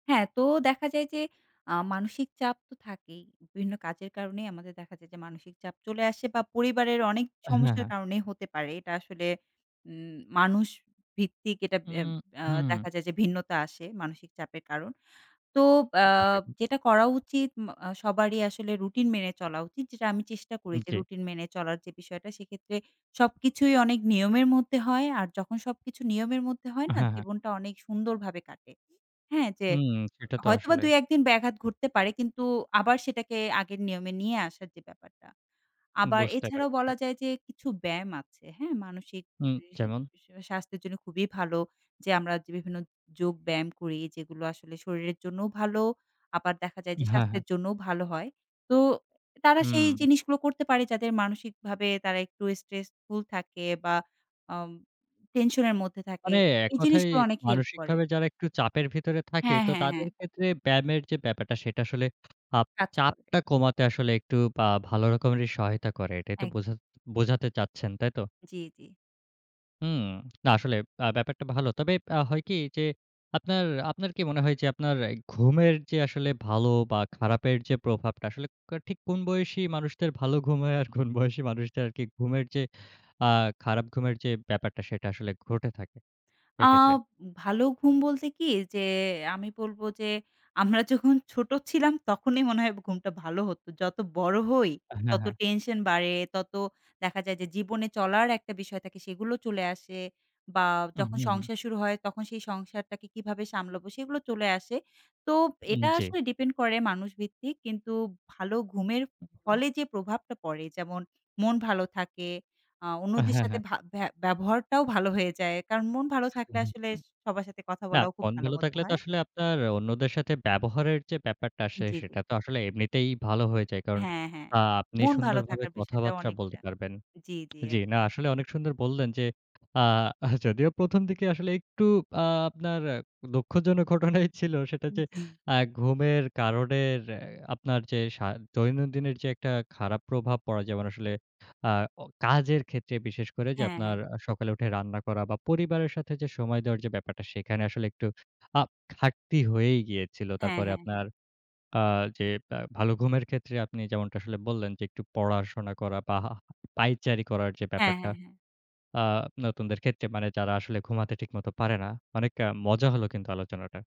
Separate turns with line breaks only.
হ্যাঁ, তো দেখা যায় যে আ মানসিক চাপ তো থাকেই। বিভিন্ন কাজের কারণেই আমাদের দেখা যায় যে মানসিক চাপ চলে আসে বা পরিবারের অনেক
এ হ্যাঁ,
সমস্যার
হ্যাঁ।
কারনেই হতে পারে। এটা আসলে উম মানুষ ভিত্তিক এটা
উ
এম এ্যা
হু।
দেখা যায়। যে ভিন্নতা আসে মানসিক চাপের কারণ। তো আ
[unintelligible]
যেটা করা উচিত মা আ সবারই আসলে রুটিন মেনে চলা উচিত। যেটা আমি চেষ্টা করি
হুম,
যে
জ্বী।
রুটিন মেনে চলার যে বিষয়টা। সেক্ষেত্রে সবকিছুই অনেক নিয়মের মধ্যে হয়। আর যখন সবকিছু নিয়মের মধ্যে হয় না?
হ্যাঁ, হ্যাঁ।
জীবনটা অনেক সুন্দরভাবে কাটে। হ্যাঁ? যে
হুম, সেটা তো
হয়তোবা
আসলে।
২-১ দিন ব্যাঘাত ঘটতে পারে। কিন্তু আবার সেটাকে আগের নিয়মে নিয়ে আসার যে ব্যাপারটা। আবার
বুঝতে
এছাড়াও
পারছি।
বলা যায় যে কিছু ব্যায়াম আছে। হ্যাঁ? মানসিক
হুম,
[unintelligible]
যেমন?
স্বাস্থ্যের জন্য খুবই ভালো। যে আমরা যে বিভিন্ন যোগ ব্যায়াম করি। যেগুলো আসলে শরীরের জন্যও ভালো। আবার দেখা যায় যে,
হ্যাঁ, হ্যাঁ।
স্বাস্থ্যের জন্যও ভালো হয়। তো তারা সেই
হুম।
জিনিসগুলো করতে পারে। যাদের মানসিকভাবে তারা একটু স্ট্রেসফুল থাকে বা আম টেনশনের মধ্যে থাকে।
মানে এক
এই
কথায়
জিনিসগুলো অনেক হেল্প করে।
মানসিকভাবে যারা একটু চাপের ভেতরে থাকে।
হ্যাঁ,
তো
হ্যাঁ, হ্যাঁ।
তাদের ক্ষেত্রে ব্যায়ামের যে ব্যাপারটা। সেটা আসলে আপ
কাজ করে।
চাপটা কমাতে আসলে একটু বা ভালো রকমেরই সহায়তা করে। এটাই তো
একদম।
বোঝাত বোঝাতে চাচ্ছেন, তাই তো?
জ্বী, জ্বী।
হুম, না আসলে আ ব্যাপারটা ভালো। তবে আ হয় কি? যে আপনার, আপনার, কি মনে হয়? যে আপনার ঘুমের যে আসলে ভালো বা খারাপের যে প্রভাবটা। আসলে কো ঠিক কোন বয়সী মানুষদের ভালো ঘুম হয়? আর কোন বয়সী মানুষদের আর কি ঘুমের যে আ খারাপ ঘুমের যে ব্যাপারটা। সেটা আসলে ঘটে থাকে
আ
এক্ষেত্রে?
ভালো ঘুম বলতে কি? যে আমি বলব যে আমরা যখন ছোট ছিলাম। তখনই মনে হয় ঘুমটা ভালো হত। যত বড় হই
আ হ্যাঁ,
তত
হ্যাঁ।
টেনশন বাড়ে, তত দেখা যায় যে জীবনে চলার একটা বিষয় থাকে। সেগুলো চলে আসে বা
হু,
যখন
হু, হু।
সংসার শুরু হয়, তখন সেই সংসার টাকে কিভাবে সামলাবো? সেগুলো চলে আসে। তো
উম
এটা
জ্বী।
আসলে ডিপেন্ড করে মানুষ ভিত্তিক। কিন্তু ভালো ঘুমের
হু, হু।
ফলে যে প্রভাবটা পড়ে যেমন মন ভালো থাকে, আ
এ
অন্যদের
হ্যাঁ,
সাথে
হ্যাঁ।
ভা ভ্যা ব্যবহারটাও ভালো হয়ে যায়। কারণ মন ভালো থাকলে
[unintelligible]
আসলে সবার সাথে কথা
না
বলাও খুব
মন
ভালো
ভালো
মত
থাকলে তো
হয়।
আসলে আপনার অন্যদের সাথে ব্যবহারের যে ব্যাপারটা আসে। সে
জ্বী, জ্বী।
সেটা তো আসলে এমনিতেই ভালো হয়ে যায়। কারণ
হ্যাঁ, হ্যাঁ।
আ আপনি
মন ভালো
সুন্দরভাবে
থাকার বিষয়টা
কথাবার্তা বলতে
অনেকটা।
পারবেন।
জ্বী জ্বী, এক
জ্বী, না আসলে অনেক সুন্দর বললেন যে আ যদিও ১ম দিকে আসলে একটু আ আপনার দুঃখজনক ঘটনাই ছিল। সেটা
হুম,
যে
জ্বী।
আ ঘুমের কারণের আপনার যে সা দৈনন্দিনের যে একটা খারাপ প্রভাব পড়ে। যেমন আসলে আ অ কাজের ক্ষেত্রে বিশেষ করে। যে
হ্যাঁ,
আপনার
হ্যাঁ।
আ সকালে উঠে রান্না করা বা পরিবারের সাথে যে সময় দেওয়ার যে ব্যাপারটা। সেখানে আসলে একটু আ ঘাটতি হয়েই গিয়েছিল।
হ্যাঁ,
তারপরে
হ্যাঁ, হ্যাঁ।
আপনার আ যে আ ভালো ঘুমের ক্ষেত্রে আপনি যেমনটা আসলে বললেন। যে একটু পড়াশোনা করা বা হা পায়চারি করার যে
হ্যাঁ,
ব্যাপারটা।
হ্যাঁ, হ্যাঁ।
আ নতুনদের ক্ষেত্রে মানে যারা আসলে ঘুমাতে ঠিকমত পারে না। অনেক আ মজা হল কিন্তু আলোচনাটা।